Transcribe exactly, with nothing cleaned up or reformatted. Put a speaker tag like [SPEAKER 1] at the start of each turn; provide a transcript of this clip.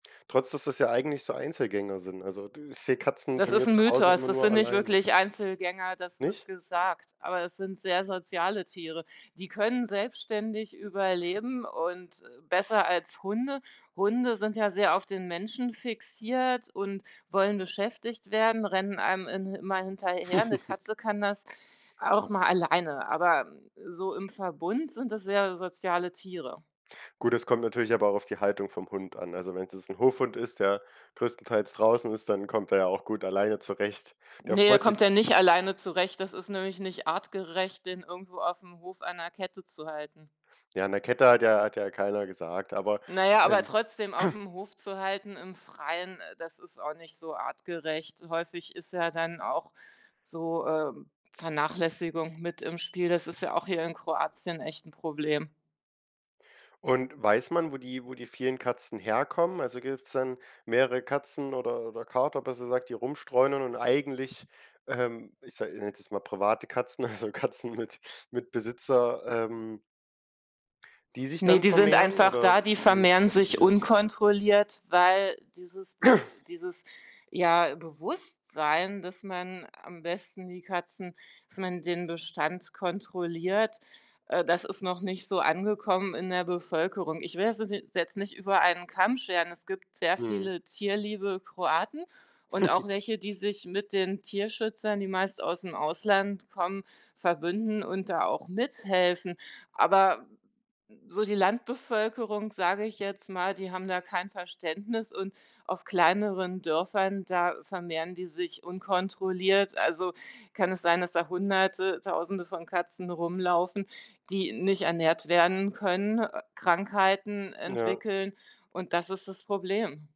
[SPEAKER 1] Trotz, dass das ja eigentlich so Einzelgänger sind. Also, dü ich sehe Katzen bei
[SPEAKER 2] Das ist
[SPEAKER 1] mir
[SPEAKER 2] 'n
[SPEAKER 1] zu Hause
[SPEAKER 2] Mythos,
[SPEAKER 1] immer
[SPEAKER 2] das
[SPEAKER 1] nur
[SPEAKER 2] sind nicht
[SPEAKER 1] alleine.
[SPEAKER 2] wirklich Einzelgänger. Das wird
[SPEAKER 1] Nicht?
[SPEAKER 2] gesagt, aber es sind sehr soziale Tiere. Die können selbstständig überleben und, äh, besser als Hunde. Hunde sind ja sehr auf den Menschen fixiert und wollen beschäftigt werden, rennen einem in immer hinterher, 'ne Katze kann das auch mal alleine, aber so im Verbund sind das sehr soziale Tiere.
[SPEAKER 1] Gut, es kommt natürlich aber auch auf die Haltung vom Hund an. Also, wenn's jetzt 'n Hofhund ist, der größtenteils draußen ist, dann kommt er ja auch gut alleine zurecht. Der
[SPEAKER 2] Ne, er
[SPEAKER 1] freut sich
[SPEAKER 2] kommt ja nicht alleine zurecht. Das ist nämlich nicht artgerecht, den irgendwo aufm Hof an 'ner Kette zu halten.
[SPEAKER 1] Ja, an der Kette hat ja hat ja keiner gesagt, aber,
[SPEAKER 2] Na ja, aber
[SPEAKER 1] ähm
[SPEAKER 2] trotzdem aufm Hof zu halten im Freien, äh, das ist auch nicht so artgerecht. Häufig ist ja dann auch so, ähm, Vernachlässigung mit im Spiel. Das ist ja auch hier in Kroatien echt 'n Problem.
[SPEAKER 1] Und weiß man wo die wo die vielen Katzen herkommen, also, gibt's dann mehrere Katzen oder oder Kater besser gesagt die rumstreunern und eigentlich, ähm, ich sa ich nenne es jetzt mal private Katzen, also Katzen mit mit Besitzer, ähm die sich
[SPEAKER 2] Ne,
[SPEAKER 1] dann
[SPEAKER 2] die sind
[SPEAKER 1] vermehren
[SPEAKER 2] einfach
[SPEAKER 1] oder,
[SPEAKER 2] da, die
[SPEAKER 1] äh, wie ist
[SPEAKER 2] vermehren
[SPEAKER 1] das
[SPEAKER 2] sich
[SPEAKER 1] passiert?
[SPEAKER 2] unkontrolliert, weil dieses Be dieses, ja, Bewusstsein, dass man am besten die Katzen dass man den Bestand kontrolliert, äh, das ist noch nicht so angekommen in der Bevölkerung. Ich will das [unintelligible] jetzt nicht über einen Kamm scheren. Es gibt sehr
[SPEAKER 1] Mhm.
[SPEAKER 2] viele tierliebe Kroaten und auch welche, die sich mit den Tierschützern, die meist ausm Ausland kommen, verbünden und da auch mithelfen. Aber so die Landbevölkerung, sage ich jetzt mal, die haben da kein Verständnis und auf kleineren Dörfern, da vermehren die sich unkontrolliert. Also, kann es sein, dass da hunderte, tausende von Katzen rumlaufen, die nicht ernährt werden können, äh, Krankheiten
[SPEAKER 1] Ja.
[SPEAKER 2] entwickeln und das ist das Problem.